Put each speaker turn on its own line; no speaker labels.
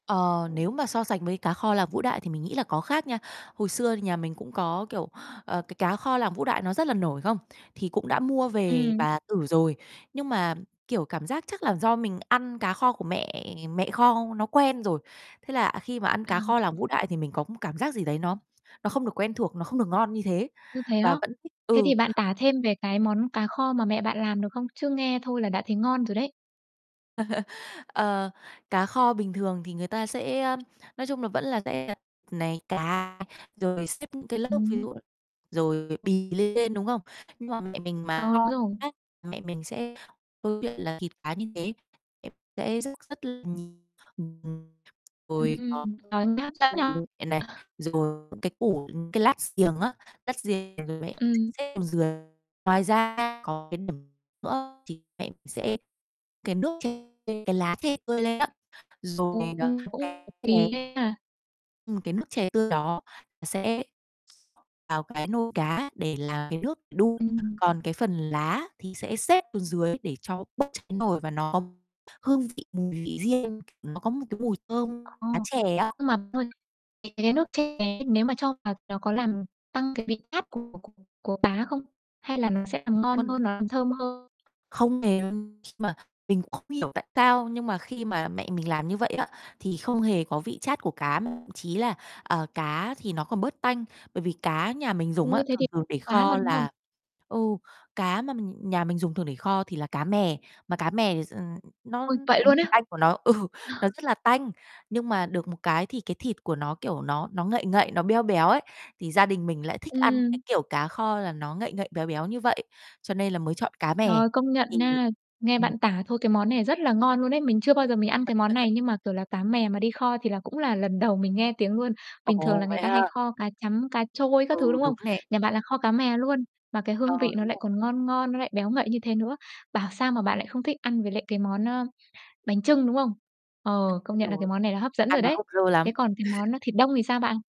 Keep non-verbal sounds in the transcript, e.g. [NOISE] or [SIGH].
Ờ, nếu mà so sánh với cá kho làng Vũ Đại thì mình nghĩ là có khác nha. Hồi xưa nhà mình cũng có, kiểu, ờ, cái cá kho làng Vũ Đại nó rất là nổi không? Thì cũng đã mua về
Ừm.
bà thử rồi, nhưng mà, kiểu, cảm giác chắc là do mình ăn cá kho của mẹ mẹ kho nó quen rồi. Thế là khi mà ăn
Ờ.
cá kho làng Vũ Đại thì mình có một cảm giác gì đấy nó nó không được quen thuộc, nó không được ngon như thế.
Ô, thế á?
Và vẫn thích
Thế
ừ.
thì bạn tả thêm về cái món cá kho mà mẹ bạn làm được không? Chứ nghe thôi là đã thấy ngon rồi đấy.
[LAUGHS] Ờ, cá kho bình thường thì người ta sẽ, ơ nói chung là vẫn là sẽ [UNINTELLIGIBLE] này, cá rồi xếp những cái lớp ví
Ừm.
dụ là rồi bì lên trên, đúng không? Nhưng mà mẹ mình
Ờ,
mà
đúng
kho
rồi.
á, mẹ mình sẽ câu chuyện là thịt cá như thế mẹ sẽ rất, rất [UNINTELLIGIBLE]
Ừm,
ôi, khó
ừm, trời, nghe hấp dẫn nhỉ!
[UNINTELLIGIBLE] này,
[CHUCKLES]
rồi [UNINTELLIGIBLE] những cái củ, ừm, cái lát riềng á, lát riềng rồi lại
Ừm.
xếp xuống dưới, ngoài ra có cái điểm nữa chính mẹ sẽ cái nước chè cái lá chè tươi lên á, rồi, ờ
[UNINTELLIGIBLE] Kỳ
[UNINTELLIGIBLE]
ghê ha.
ừm, cái nước chè tươi đó nó sẽ [UNINTELLIGIBLE] vào cái nồi cá để làm cái nước để đun.
Ừm.
Còn cái phần lá thì sẽ xếp xuống dưới để cho bớt cháy nồi và nó có hương vị, mùi vị riêng, nó có một cái mùi thơm
Ờ,
lá chè á.
nhưng mà, thôi, cái cái nước chè ấy nếu mà cho vào nó có làm tăng cái vị chát của của của cá không, hay là nó sẽ làm ngon hơn,
Vâng.
làm thơm hơn.
Không hề [UNINTELLIGIBLE] khi mà mình cũng không hiểu tại sao, nhưng mà khi mà mẹ mình làm như vậy á thì không hề có vị chát của cá, chí là, ờ, cá thì nó còn bớt tanh. Bởi vì cá nhà mình dùng á,
Ôi thế thì
thường thường để
[UNINTELLIGIBLE] quá mà,
kho
đúng không?
là ừ, cá mà mình nhà mình dùng thường để kho thì là cá mè, mà cá mè thì s ờ, nó
Ôi, vậy
cái mùi
luôn á!
tanh của nó ừ, nó
[CHUCKLES]
rất là tanh, nhưng mà được một cái thì cái thịt của nó, kiểu, nó nó ngậy ngậy, nó beo béo ấy, thì gia đình mình lại thích ăn cái,
Ừm.
kiểu, cá kho là nó ngậy ngậy béo béo như vậy, cho nên là mới chọn cá mè,
Trời, công nhận
thì
nha, nghe
ừm.
bạn tả thôi cái món này rất là ngon luôn ấy. Mình chưa bao giờ mình ăn cái món
[UNINTELLIGIBLE]
này nhưng mà, kiểu là, cá mè mà đi kho thì là cũng là lần đầu mình nghe tiếng luôn. Bình thường
Ồ,
là người
vậy
ta hay
ha?
kho cá trắm, cá trôi
Ừ,
các thứ, đúng không?
đúng nè.
Nhà bạn là kho cá mè luôn, mà cái
Ờ,
hương vị nó
đúng
lại
rồi.
còn ngon ngon, nó lại béo ngậy như thế nữa. Bảo sao mà bạn lại không thích ăn với lại cái món, ơ, bánh chưng, đúng không? Ờ,
Tất
công
nhiên
nhận là cái
rồi,
món này là hấp dẫn
ăn
rồi
nó
đấy.
hợp rơ
Thế
lắm.
còn cái
[LAUGHS]
món, a, thịt đông thì sao bạn?